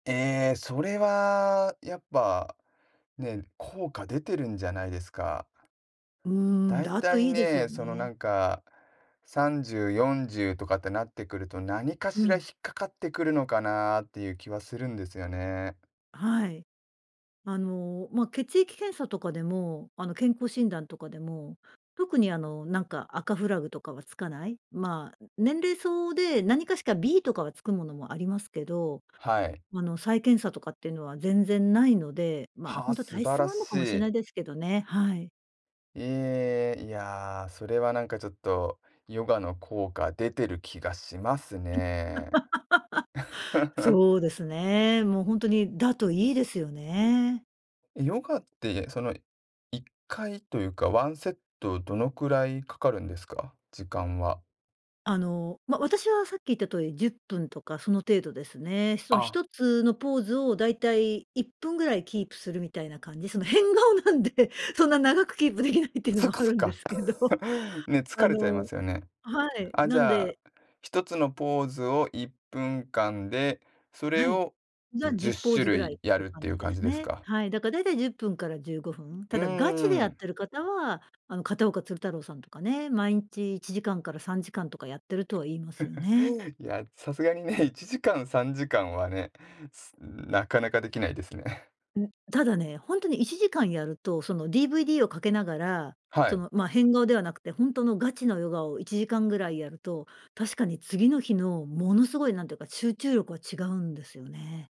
ええ、それはやっぱ、ね、効果出てるんじゃないですか。うん、だいだたといいいですね、よその、なね。んか30、40とかってなってくると、何かうしら引ん。っかかってくるのかなっていう気はするんですよね。はい。あの、ま、血液検査とかでも、あの、健康診断とかでも、特にあの、なんか赤フラグとかはつかない、まあ、年齢相応で、何かしか B とかはつくものもありますけど、はい。あの、再検査とかっていうのは全然ないので、ま、はほあ、んとは素体晴質らもあんのかもししない。いですけどね、はい。ええ、いや、それはなんかちょっと、ヨガの効果出てる気がしますね。そうですね。もうほんとに、だといいですよね。え、ヨガって、その、1回というか、ワンセットどのくらいかかるんですか？時間は。あの、ま、私はさっき言った通り10分とかその程度ですね。そのひあ。とつのポーズをだいたい1分ぐらいキープするみたいな感じ、その変顔なんでそんな長くキープできないっていうのそっもかあそっるんでか。すけど、ね、疲あれちゃいまのすよね。はい、あ、じなんゃあ、で1つのポーズを1分間で、それはい。をじゃあ、じじゅゅっっポしーゅズぐるらいっいやてるっ感ていうじで感じすですね。か？はい、だかだいたい10分から15分。うたーだガチでやっん。てる方は、あの片岡鶴太郎さんとかね、毎日1時間から3時間とかやってるとは言いますよ ね。おお、いや、さすがにね1時間、3時間はね、すなかなかできないですね。ん、ただね、ほんとに1時間やると、その DVD をかけながら、はそい。の、ま、変顔ではなくてほんとのガチのヨガを1時間ぐらいやると、確かに次の日のものすごいなんていうか、集中力は違うんですよね。